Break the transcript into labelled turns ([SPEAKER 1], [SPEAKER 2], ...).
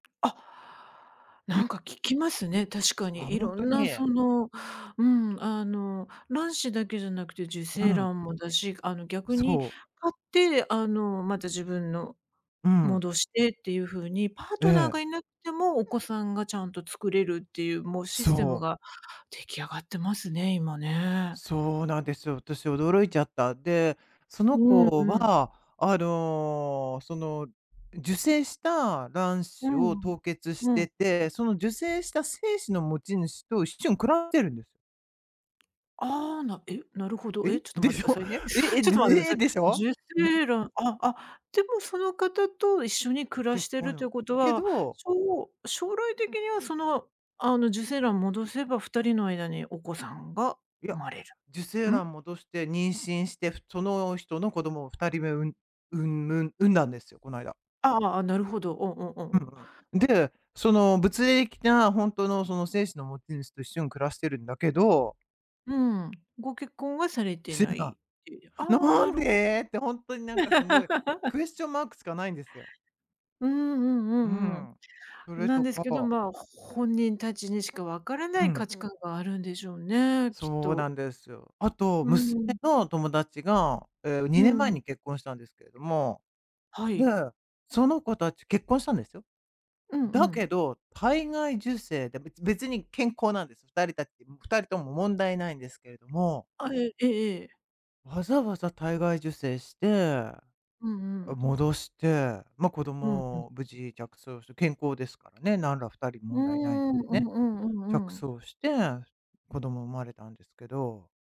[SPEAKER 1] あ。なんか聞きますね、確か
[SPEAKER 2] あ、
[SPEAKER 1] に。
[SPEAKER 2] ほん
[SPEAKER 1] 色
[SPEAKER 2] と
[SPEAKER 1] んな
[SPEAKER 2] に。
[SPEAKER 1] その、うん、あの、卵子だけじゃなくて受
[SPEAKER 2] う
[SPEAKER 1] 精
[SPEAKER 2] ん。
[SPEAKER 1] 卵もだし、あの逆に、か
[SPEAKER 2] そう。
[SPEAKER 1] って、あの、また自分の、
[SPEAKER 2] うん。
[SPEAKER 1] 戻してっていう風に、パー
[SPEAKER 2] え
[SPEAKER 1] トナーが
[SPEAKER 2] え。
[SPEAKER 1] 居なくても、お子さんがちゃんと作れるっていう、もうシステ
[SPEAKER 2] そ
[SPEAKER 1] ム
[SPEAKER 2] う。
[SPEAKER 1] が出来上がってますね、今ね。
[SPEAKER 2] そうなんですよ。私驚いちゃった。で、その
[SPEAKER 1] うん
[SPEAKER 2] 子
[SPEAKER 1] うん。
[SPEAKER 2] は、あの、その、受精した卵
[SPEAKER 1] う
[SPEAKER 2] 子を
[SPEAKER 1] ん。
[SPEAKER 2] 凍結し
[SPEAKER 1] う
[SPEAKER 2] て
[SPEAKER 1] ん。
[SPEAKER 2] て、その受精した精子の持ち主と一緒に暮らしてるんです。
[SPEAKER 1] ああ、なえ、なるほど。
[SPEAKER 2] え、
[SPEAKER 1] え？ちょっと
[SPEAKER 2] で
[SPEAKER 1] 待って
[SPEAKER 2] し
[SPEAKER 1] くだ
[SPEAKER 2] ょ？
[SPEAKER 1] さいね。
[SPEAKER 2] え、え、
[SPEAKER 1] ちょっ
[SPEAKER 2] で
[SPEAKER 1] と待ってくださ
[SPEAKER 2] え、
[SPEAKER 1] い。
[SPEAKER 2] でしょ？
[SPEAKER 1] 受
[SPEAKER 2] ね。
[SPEAKER 1] 精卵あ、あ、でもその方と一緒に暮らし
[SPEAKER 2] 結
[SPEAKER 1] てい
[SPEAKER 2] 婚
[SPEAKER 1] るとい
[SPEAKER 2] よ
[SPEAKER 1] うこと
[SPEAKER 2] け
[SPEAKER 1] は、
[SPEAKER 2] ど
[SPEAKER 1] しょ将来的には、その、あの、受精卵を戻せば、2人の間にお子さんが
[SPEAKER 2] い
[SPEAKER 1] 生
[SPEAKER 2] や。
[SPEAKER 1] まれる。
[SPEAKER 2] 受精
[SPEAKER 1] ん？
[SPEAKER 2] 卵戻して妊娠して、ふその人の子供を2人目う産む産んだんですよ、この間。
[SPEAKER 1] ああ、なるほど。おんおんおん
[SPEAKER 2] う
[SPEAKER 1] おん。
[SPEAKER 2] んうん。で、その、物理的なほんとのその精子の持ち主と一緒に暮らしてるんだけど
[SPEAKER 1] うん。ご結婚はされて
[SPEAKER 2] しん
[SPEAKER 1] ない
[SPEAKER 2] な
[SPEAKER 1] っていうああ、
[SPEAKER 2] 「な
[SPEAKER 1] な
[SPEAKER 2] ん
[SPEAKER 1] るほど。
[SPEAKER 2] で？」ってほんとになんかすごい、クエスチョンマークしかないんですよ。
[SPEAKER 1] うんう
[SPEAKER 2] う
[SPEAKER 1] んうん
[SPEAKER 2] ん。そ
[SPEAKER 1] うん。
[SPEAKER 2] れ
[SPEAKER 1] なん
[SPEAKER 2] と
[SPEAKER 1] です
[SPEAKER 2] か
[SPEAKER 1] けど、まあ、本人たちにしか分からな
[SPEAKER 2] う
[SPEAKER 1] い価
[SPEAKER 2] ん。
[SPEAKER 1] 値観があるんでしょうね、きっ
[SPEAKER 2] そうな
[SPEAKER 1] と。
[SPEAKER 2] んですよ。あと、
[SPEAKER 1] う
[SPEAKER 2] 娘
[SPEAKER 1] ん。
[SPEAKER 2] の友達が、ええ、に
[SPEAKER 1] う
[SPEAKER 2] ねん前
[SPEAKER 1] ん。
[SPEAKER 2] に結婚したんですけれども。
[SPEAKER 1] は
[SPEAKER 2] で、
[SPEAKER 1] い。
[SPEAKER 2] その子たち、結婚したんですよ、
[SPEAKER 1] うんう
[SPEAKER 2] だ
[SPEAKER 1] ん。
[SPEAKER 2] けど、体外受精でべ別に健康なんです。2人たち2人とも問題無いんですけれども
[SPEAKER 1] あえ、ええええ。
[SPEAKER 2] わざわざ体外受精して、あ、
[SPEAKER 1] うんうん。
[SPEAKER 2] 戻して。ま、子
[SPEAKER 1] うん、うん。
[SPEAKER 2] 供無事着床して。健康ですからね、なんら2人
[SPEAKER 1] うー
[SPEAKER 2] 問題ないの
[SPEAKER 1] ん。う
[SPEAKER 2] で
[SPEAKER 1] んう
[SPEAKER 2] ね。
[SPEAKER 1] んう
[SPEAKER 2] 着
[SPEAKER 1] んうん。
[SPEAKER 2] 床して、子供産まれたんですけど